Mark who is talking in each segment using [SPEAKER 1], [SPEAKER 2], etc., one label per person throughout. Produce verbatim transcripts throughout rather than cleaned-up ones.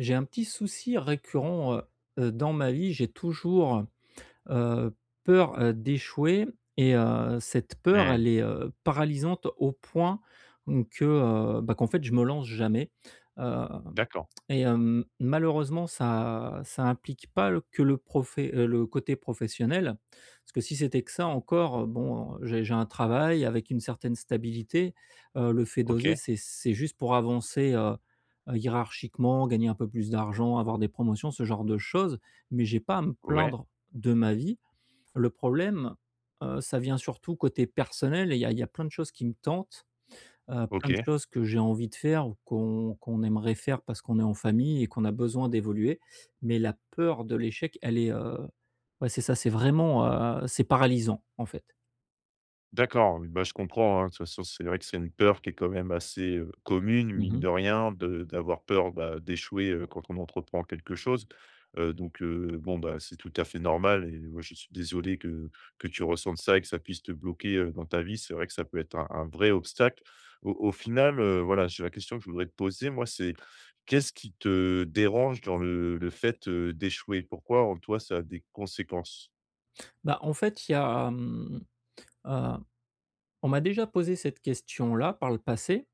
[SPEAKER 1] J'ai un petit souci récurrent, heu heu, dans ma vie, j'ai toujours, heu, peur, heu, d'échouer et heu, cette peur,
[SPEAKER 2] Mmh.
[SPEAKER 1] elle est, heu, paralysante au point, hem, que, heu, ben qu'en fait je me lance jamais. Heu
[SPEAKER 2] D'accord.
[SPEAKER 1] et hem, malheureusement ça ça implique pas le que le profe heu, le côté professionnel, parce que si c'était que ça encore, heu, bon j'ai j'ai un travail avec une certaine stabilité. Heu, le fait d'oser,
[SPEAKER 2] Ok.
[SPEAKER 1] c'est c'est juste pour avancer, heu, hiérarchiquement, gagner un peu plus d'argent, avoir des promotions, ce genre de choses, mais j'ai pas à me
[SPEAKER 2] Ouais.
[SPEAKER 1] plaindre de ma vie. Le problème, heu, ça vient surtout côté personnel et il y a il y a plein de choses qui me tentent, heu, plein de
[SPEAKER 2] Ok.
[SPEAKER 1] choses que j'ai envie de faire ou qu'on qu'on aimerait faire parce qu'on est en famille et qu'on a besoin d'évoluer. Mais la peur de l'échec, elle est, heu ouais, c'est ça, c'est vraiment, heu, c'est paralysant en fait.
[SPEAKER 2] D'accord, oui, bah, je comprends, hein. De toute façon, c'est vrai que c'est une peur qui est quand même assez, heu, commune,
[SPEAKER 1] Mmh
[SPEAKER 2] mine
[SPEAKER 1] mh.
[SPEAKER 2] de rien, de d'avoir peur, bah, d'échouer, heu, quand on entreprend quelque chose. Heu, donc, heu, bon, bah, c'est tout à fait normal et moi je suis désolé que que tu ressentes ça et que ça puisse te bloquer, heu, dans ta vie. C'est vrai que ça peut être un un vrai obstacle. Au au final, heu, voilà, je la question que je voudrais te poser, moi c'est qu'est-ce qui te dérange dans le le fait, heu, d'échouer? Pourquoi en toi ça a des conséquences?
[SPEAKER 1] Bah, en fait il y a, hem, heu, on m'a déjà posé cette question-là par le passé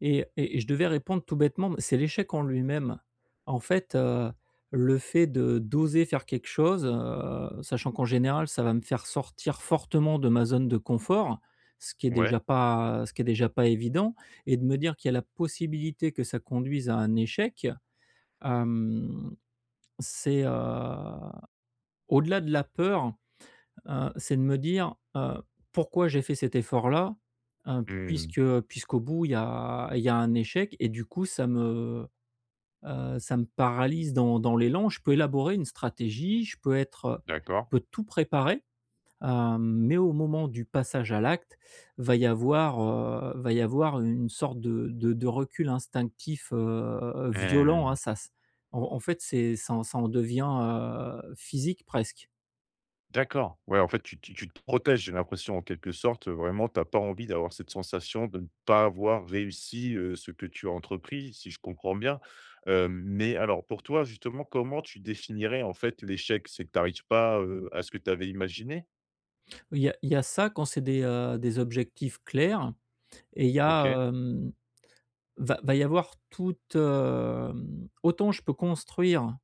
[SPEAKER 1] et et et je devais répondre tout bêtement mais c'est l'échec en lui-même. En fait, heu, le fait de d'oser faire quelque chose, heu, sachant qu'en général, ça va me faire sortir fortement de ma zone de confort, ce qui est
[SPEAKER 2] Ouais.
[SPEAKER 1] déjà pas, heu, ce qui est déjà pas évident et de me dire qu'il y a la possibilité que ça conduise à un échec, hem, c'est, heu, au-delà de la peur, heu, c'est de me dire, heu: «Pourquoi j'ai fait cet effort-là, heu,
[SPEAKER 2] Mmh.
[SPEAKER 1] puisque puisqu'au bout il y a il y a un échec?» et du coup, ça me, heu, ça me paralyse dans dans l'élan. Je peux élaborer une stratégie, je peux être, heu, je
[SPEAKER 2] D'accord.
[SPEAKER 1] peux tout préparer, hem, mais au moment du passage à l'acte, va y avoir, heu, va y avoir une une sorte de de de recul instinctif, heu, violent, hein,
[SPEAKER 2] Mmh.
[SPEAKER 1] ça c'est en en fait, c'est ça ça en devient, heu, physique presque.
[SPEAKER 2] D'accord. Ouais, en fait, tu tu tu te protèges, j'ai l'impression, en quelque sorte. Vraiment, tu as pas envie d'avoir cette sensation de ne pas avoir réussi, heu, ce que tu as entrepris, si je comprends bien. Heu, mais alors, pour toi justement, comment tu définirais, en fait, l'échec? C'est que tu arrives pas, heu, à ce que tu avais imaginé?
[SPEAKER 1] Oui, il y a il y a ça, quand c'est des, heu, des objectifs clairs et il y
[SPEAKER 2] OK.
[SPEAKER 1] a, hem, va va y avoir toute, hem, autant je peux construire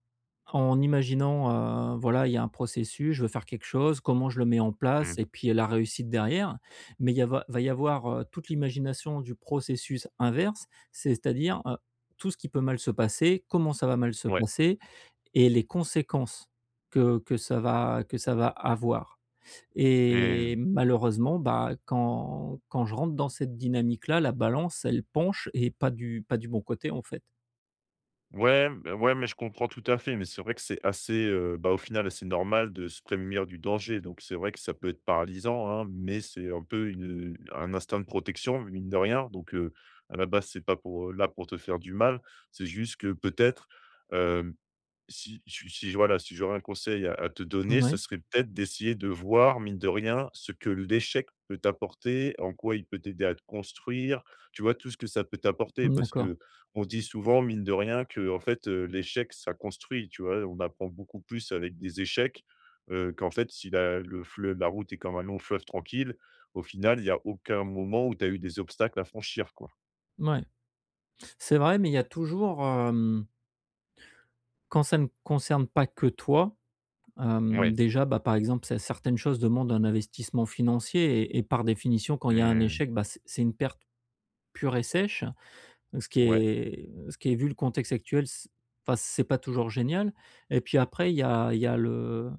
[SPEAKER 1] en imaginant, heu, voilà, il y a un processus: «Je veux faire quelque chose, comment je le mets en place?»
[SPEAKER 2] Mmh.
[SPEAKER 1] et puis, heu, la réussite derrière. Mais il y a va va y avoir, heu, toute l'imagination du processus inverse, c'est-à-dire, heu, tout ce qui peut mal se passer, comment ça va mal se
[SPEAKER 2] Ouais.
[SPEAKER 1] passer et les conséquences que que ça va que ça va avoir. Et
[SPEAKER 2] Mmh.
[SPEAKER 1] malheureusement, bah, quand quand je rentre dans cette dynamique là, la balance, elle penche et pas du pas du bon côté, en fait.
[SPEAKER 2] Ouais, b ouais, mais je comprends tout à fait. Mais c'est vrai que c'est assez, heu, bah, au final, assez normal de se prémunir du danger. Donc c'est vrai que ça peut être paralysant, hein, mais c'est un peu une, heu, un instinct de protection, mine de rien, donc, heu, à la base, c'est pas pour là pour te faire du mal. C'est juste que peut-être, hem, si su si j voilà, si j'aurais un conseil à te donner, ce
[SPEAKER 1] Moui.
[SPEAKER 2] serait peut-être d'essayer de voir, mine de rien, ce que l'échec peut t'apporter, en quoi il peut t'aider à te construire, tu vois? Tout ce que ça peut t'apporter.
[SPEAKER 1] Mmh,
[SPEAKER 2] Parce
[SPEAKER 1] d'accord.
[SPEAKER 2] qu'on se dit souvent, mine de rien, qu'en fait, heu, l'échec, ça construit, tu vois? On apprend beaucoup plus avec des échecs, heu, qu'en fait, si la le fle la route est comme un long fleuve tranquille, au final, il y a aucun moment où tu as eu des obstacles à franchir, quoi.
[SPEAKER 1] Mouais. C'est vrai, mais il y a toujours, hem quand ça ne concerne pas que toi, hem,
[SPEAKER 2] Mouais.
[SPEAKER 1] déjà, bah, par exemple, cer certaines choses demandent un investissement financier et et par définition, quand il y a un
[SPEAKER 2] Mmh.
[SPEAKER 1] échec, bah c c'est une perte pure et sèche, heu, ce qui
[SPEAKER 2] Ouais.
[SPEAKER 1] est ce qui est vu le contexte actuel, c enfin, c'est pas toujours génial. Et puis après, il y a il y a le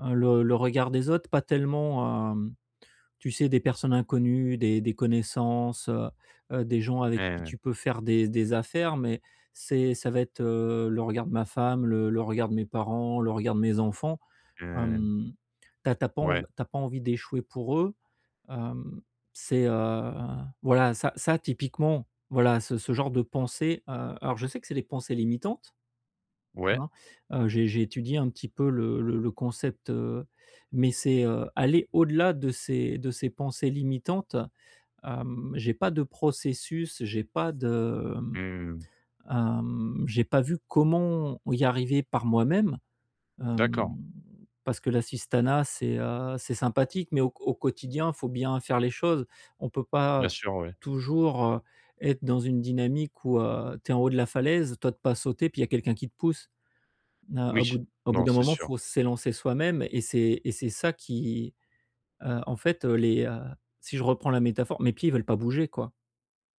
[SPEAKER 1] le le regard des autres. Pas tellement, hem, tu sais, des personnes inconnues, des des connaissances, heu heu, des gens avec qui
[SPEAKER 2] Mmh.
[SPEAKER 1] tu peux faire des des affaires, mais c'est ça va être, heu, le regard de ma femme, le le regard de mes parents, le regard de mes enfants.
[SPEAKER 2] Mmh.
[SPEAKER 1] Hem, tu as tu as pas env
[SPEAKER 2] Ouais.
[SPEAKER 1] tu as pas envie d'échouer pour eux. Hem, c'est, heu, voilà, ça ça typiquement, voilà, ce ce genre de pensées, heu, alors je sais que c'est les pensées limitantes,
[SPEAKER 2] Ouais.
[SPEAKER 1] hein. Heu, j'ai j'ai étudié un petit peu le le le concept, heu, mais c'est, heu, aller au-delà de ces de ces pensées limitantes. Hem, j'ai pas de processus, j'ai pas de, mmh,
[SPEAKER 2] Mmh.
[SPEAKER 1] hem, j'ai pas vu comment y arriver par moi-même, hem,
[SPEAKER 2] D'accord.
[SPEAKER 1] parce que l'assistanat, c'est, heu, c'est sympathique, mais au q au quotidien, faut bien faire les choses. On peut pas
[SPEAKER 2] Bien sûr, ouais.
[SPEAKER 1] toujours, heu, être dans une dynamique où, heu, tu es en haut de la falaise, tu otes pas sauter, puis il y a quelqu'un qui te pousse. Na au
[SPEAKER 2] Oui!
[SPEAKER 1] bout d au bout
[SPEAKER 2] Non,
[SPEAKER 1] d'un
[SPEAKER 2] c'est
[SPEAKER 1] moment,
[SPEAKER 2] sûr.
[SPEAKER 1] faut s'élancer soi-même et c'est et c'est ça qui, heu, en fait, heu, les heu, si je reprends la métaphore, mes pieds veulent pas bouger, quoi.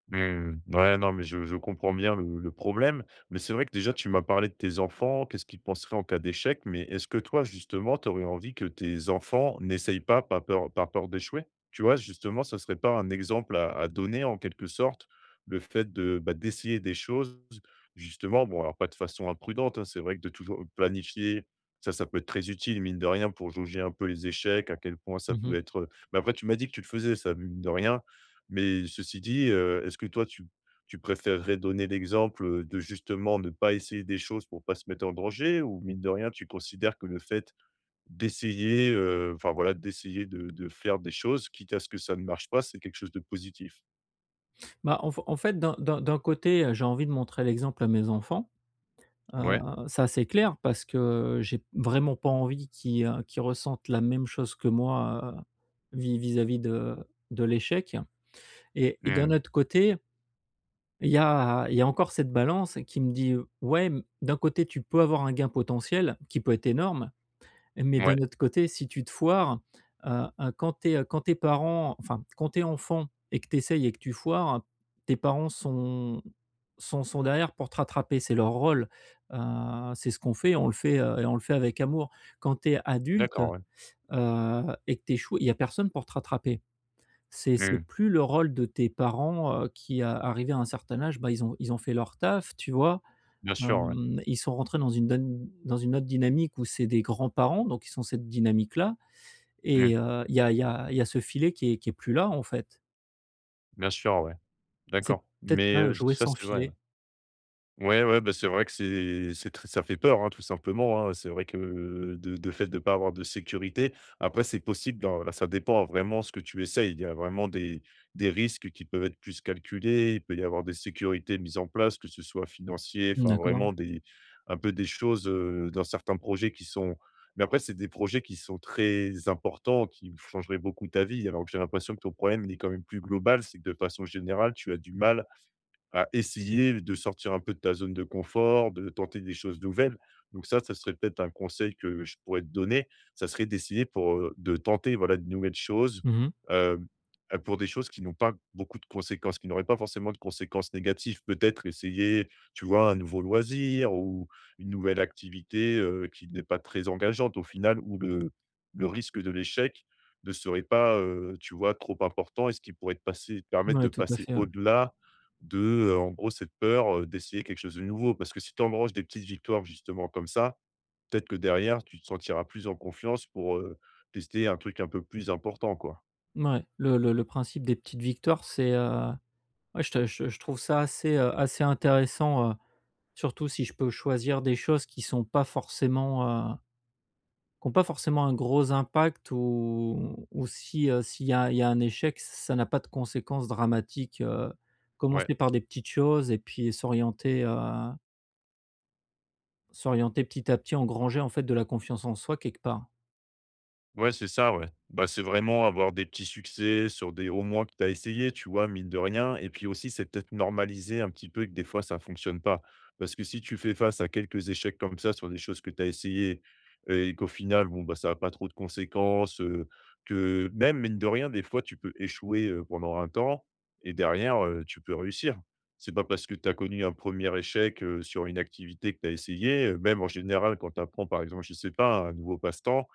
[SPEAKER 2] Mmh. Ouais, non, mais je je comprends bien le le problème. Mais c'est vrai que, déjà, tu m'as parlé de tes enfants, qu'est-ce qu'ils penseraient en cas d'échec. Mais est-ce que, toi, justement, tu aurais envie que tes enfants n'essayent pas, pas peur par peur d'échouer? Tu vois? Justement, ça serait pas un exemple à à donner, en quelque sorte, le fait de, bah, d'essayer des choses, justement? Bon alors pas de façon imprudente, hein. C'est vrai que de toujou planifier, ça, ça peut être très utile, mine de rien, pour jauger un peu les échecs, à quel point ça
[SPEAKER 1] Mmh
[SPEAKER 2] peut
[SPEAKER 1] mh.
[SPEAKER 2] être, heu mais après tu m'as dit que tu le faisais ça, mine de rien. Mais ceci dit, heu, est-ce que toi, tu p tu préfèrerais donner l'exemple, heu, de, justement, ne pas essayer des choses pour pas se mettre en danger? Ou mine de rien, tu considères que le fait d'essayer, heu, enfin, voilà d'essayer de de faire des choses quitte à ce que ça ne marche pas, c'est quelque chose de positif?
[SPEAKER 1] Bah, en f en fait, d'un d'un d'un côté, heu, j'ai envie de montrer l'exemple à mes enfants, heu,
[SPEAKER 2] Ouais.
[SPEAKER 1] ça, c'est clair, parce que j'ai vraiment pas envie qu'ils, heu, qu'ils ressentent la même chose que moi, heu, vis vis-à-vis de de l'échec et et d'un
[SPEAKER 2] Mmh.
[SPEAKER 1] autre côté ...il y a il y a encore cette balance qui me dit: «Ouais, mmh, d'un côté, tu peux avoir un gain potentiel, qui peut être énorme. Mais
[SPEAKER 2] Ouais.
[SPEAKER 1] d'un autre côté, si tu te foires, heu heu, quand tu es quand tu es parents, enfin, quand tu es enfant et que tu essayes et que tu foires, tes parents sont sont sont derrière pour te rattraper, c'est leur rôle, heu, c'est ce qu'on fait, on le fait et on le fait avec amour. Quand tu es adulte,
[SPEAKER 2] D'accord, ouais.
[SPEAKER 1] heu et que tu échoues, il y a personne pour te rattraper». C'est c'est
[SPEAKER 2] Mmh.
[SPEAKER 1] plus le rôle de tes parents, heu, qui, heu, arrivés à un certain âge, bah, ils ont ils ont fait leur taf, tu vois?
[SPEAKER 2] Bien sûr, ouais.
[SPEAKER 1] Hem, ils sont rentrés dans une don dans une autre dynamique, où c'est des grands-parents, donc ils sont cette dynamique-là
[SPEAKER 2] Mmh.
[SPEAKER 1] et heu, il y a il y a il y a ce filet qui est qui est plus là, en fait.
[SPEAKER 2] Bien sûr, ouais.
[SPEAKER 1] C'est
[SPEAKER 2] D'accord.
[SPEAKER 1] peut-être
[SPEAKER 2] Mais
[SPEAKER 1] bien un
[SPEAKER 2] heu,
[SPEAKER 1] jouet
[SPEAKER 2] ça,
[SPEAKER 1] sans
[SPEAKER 2] c'est vrai, ouais.
[SPEAKER 1] filet.
[SPEAKER 2] Ouais, ouais, bah, c'est vrai que c'est c'est très ça fait peur, hein, tout simplement, hein. C'est vrai que, de de fait, de pas avoir de sécurité. Après, c'est possible dans là, ça dépend vraiment ce que tu essayes, il y a vraiment des des risques qui peuvent être plus calculés. Il peut y avoir des sécurités mises en place, que ce soit financier,
[SPEAKER 1] Mmh,
[SPEAKER 2] enfin,
[SPEAKER 1] d'accord.
[SPEAKER 2] vraiment des un peu des choses, heu, dans certains projets qui sont mais après, c'est des projets qui sont très importants, qui changeraient beaucoup ta vie, alors que j'ai l'impression que ton problème, il est quand même plus global. C'est que de façon générale, tu as du mal à essayer de sortir un peu de ta zone de confort, de tenter des choses nouvelles. Donc ça, ça serait peut-être un conseil que je pourrais te donner, ça serait d'essayer pour, heu, de tenter, voilà, de nouvelles choses,
[SPEAKER 1] Mmh mh.
[SPEAKER 2] hem, pour des choses qui n'ont pas beaucoup de conséquences, qui n'auraient pas forcément de conséquences négatives. Peut-être essayer, tu vois, un nouveau loisir ou une nouvelle activité, heu, qui n'est pas très engageante, au final, où le le risque de l'échec ne serait pas, heu, tu vois, trop important et ce qui pourrait te passer permettre
[SPEAKER 1] Mouais.
[SPEAKER 2] de
[SPEAKER 1] Tout à
[SPEAKER 2] passer
[SPEAKER 1] fait, ouais.
[SPEAKER 2] au-delà de, heu, en gros, cette peur, heu, d'essayer quelque chose de nouveau. Parce que si tu engranges des petites victoires, justement, comme ça, peut-être que derrière, tu te sentiras plus en confiance pour, heu, tester un truc un peu plus important, quoi.
[SPEAKER 1] Mouais, le le le principe des petites victoires, c'est, heu, ouais, je te je je trouve ça assez, heu, assez intéressant, heu, surtout si je peux choisir des choses qui sont pas forcément, heu, qui ont pas forcément un gros impact, ou ou si, heu, s'il y a il y a un échec, ç ça n'a pas de conséquences dramatiques, heu,
[SPEAKER 2] Ouais.
[SPEAKER 1] commencer par des petites choses et puis s'orienter heu s'orienter petit à petit, engranger, en fait, de la confiance en soi, quelque part.
[SPEAKER 2] Ouais, c'est ça, ouais. Bah, c'est vraiment avoir des petits succès sur des au moins que tu as essayé, tu vois, mine de rien et puis aussi, c'est peut-être normaliser un petit peu que des fois, ça fonctionne pas. Parce que si tu fais face à quelques échecs comme ça sur des choses que tu as essayé et qu'au final, bon, bah, ça a pas trop de conséquences, heu, que même, mine de rien, des fois, tu peux échouer, heu, pendant un temps et derrière, heu, tu peux réussir. C'est pas parce que tu as connu un premier échec, heu, sur une activité que tu as essayé même en général quand tu apprends, par exemple, je sais pas, un nouveau passe-temps,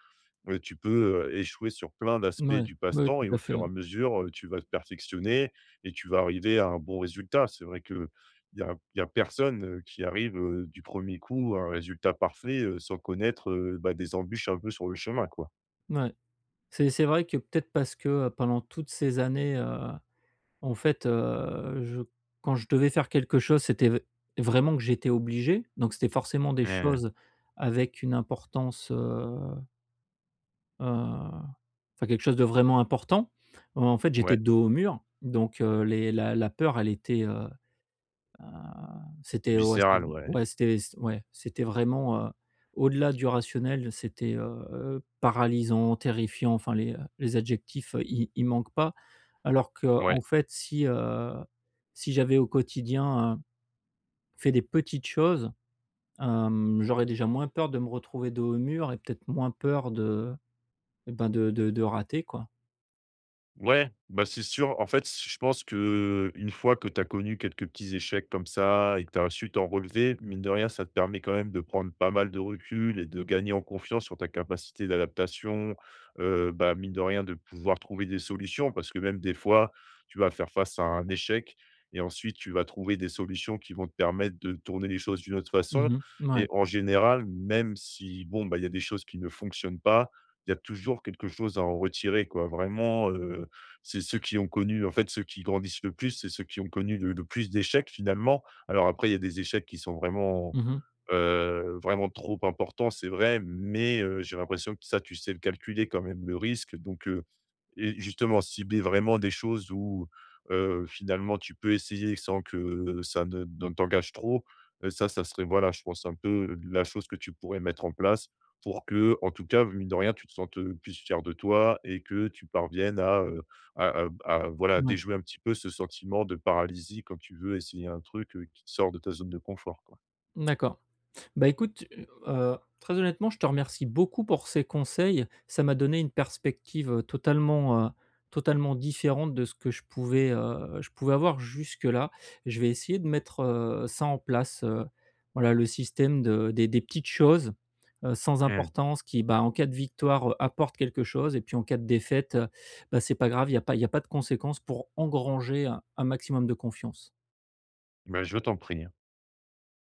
[SPEAKER 2] beh, tu peux, heu, échouer sur plein d'aspects
[SPEAKER 1] Mouais,
[SPEAKER 2] du
[SPEAKER 1] ouais,
[SPEAKER 2] passe-temps
[SPEAKER 1] tout
[SPEAKER 2] et au
[SPEAKER 1] à fait,
[SPEAKER 2] fur
[SPEAKER 1] ouais.
[SPEAKER 2] et à mesure, heu, tu vas te perfectionner et tu vas arriver à un bon résultat. C'est vrai qu'il y a il y a personne, heu, qui arrive, heu, du premier coup à un résultat parfait, heu, sans connaître, heu, bah, des embûches un peu sur le chemin, quoi.
[SPEAKER 1] Mouais. C'est c'est vrai que peut-être parce que, pendant toutes ces années, heu, en fait heu, je quand je devais faire quelque chose, c'était v vraiment que j'étais obligé, donc c'était forcément des
[SPEAKER 2] Ouais, hein.
[SPEAKER 1] choses avec une importance, heu heu, enfin, quelque chose de vraiment important. En fait, j'étais
[SPEAKER 2] Ouais.
[SPEAKER 1] dos au mur, donc heu, les la la peur, elle était, heu heu, c'était ouais, c'était
[SPEAKER 2] Viscéral, ouais.
[SPEAKER 1] ouais, c'était c'ét ouais, c'était vraiment, heu, au-delà du rationnel, c'était, heu heu, paralysant, terrifiant, enfin les, heu, les adjectifs, i ils manquent pas. Alors qu'en
[SPEAKER 2] Ouais.
[SPEAKER 1] fait, si, heu, si j'avais au quotidien, heu, fait des petites choses, hem, j'aurais déjà moins peur de me retrouver dos au mur et peut-être moins peur de, ben, de de de rater, quoi.
[SPEAKER 2] Ouais, bah, c'est sûr. En fait, s je pense qu'une fois que tu as connu quelques petits échecs comme ça et que tu as su t'en relever, mine de rien, ça te permet quand même de prendre pas mal de recul et de gagner en confiance sur ta capacité d'adaptation, heu, bah, mine de rien de pouvoir trouver des solutions. Parce que même des fois, tu vas faire face à un échec et ensuite tu vas trouver des solutions qui vont te permettre de tourner les choses d'une autre façon
[SPEAKER 1] Mmh mh.
[SPEAKER 2] et
[SPEAKER 1] Mouais.
[SPEAKER 2] en général même si, bon, bah, il y a des choses qui ne fonctionnent pas, il y a toujours quelque chose à en retirer, quoi. Vraiment, heu, c'est ceux qui ont connu en fait, ceux qui grandissent le plus, c'est ceux qui ont connu le le plus d'échecs, finalement. Alors après, il y a des échecs qui sont vraiment,
[SPEAKER 1] Mmh mh.
[SPEAKER 2] heu, vraiment trop importants, c'est vrai, mais, heu, j'ai l'impression que ça, tu sais le calculer, quand même, le risque, donc, heu et justement, cibler vraiment des choses où, heu, finalement, tu peux essayer sans que ça ne de t'engage trop, heu, ça, ça serait, voilà, je pense un peu la chose que tu pourrais mettre en place pour que, en tout cas, mine de rien, tu te sentes, heu, plus fier de toi et que tu parviennes à, heu, à à à, voilà,
[SPEAKER 1] Mouais.
[SPEAKER 2] déjouer un petit peu ce sentiment de paralysie quand tu veux essayer un truc qui te sort de ta zone de confort, quoi.
[SPEAKER 1] D'accord. Bah écoute, heu, heu, très honnêtement, je te remercie beaucoup pour ces conseils, ça m'a donné une perspective, heu, totalement, heu, totalement différente de ce que je pouvais, heu, je pouvais avoir jusque-là. Je vais essayer de mettre, heu, ça en place, heu, voilà, le système de des des petites choses, heu, sans
[SPEAKER 2] Mmh.
[SPEAKER 1] importance qui, bah, en cas de victoire, apportent quelque chose et puis en cas de défaite, bah, c'est pas grave, il y a pas il y a pas de conséquences, pour engranger un maximum de confiance.
[SPEAKER 2] Ben, je t'en prie, hein.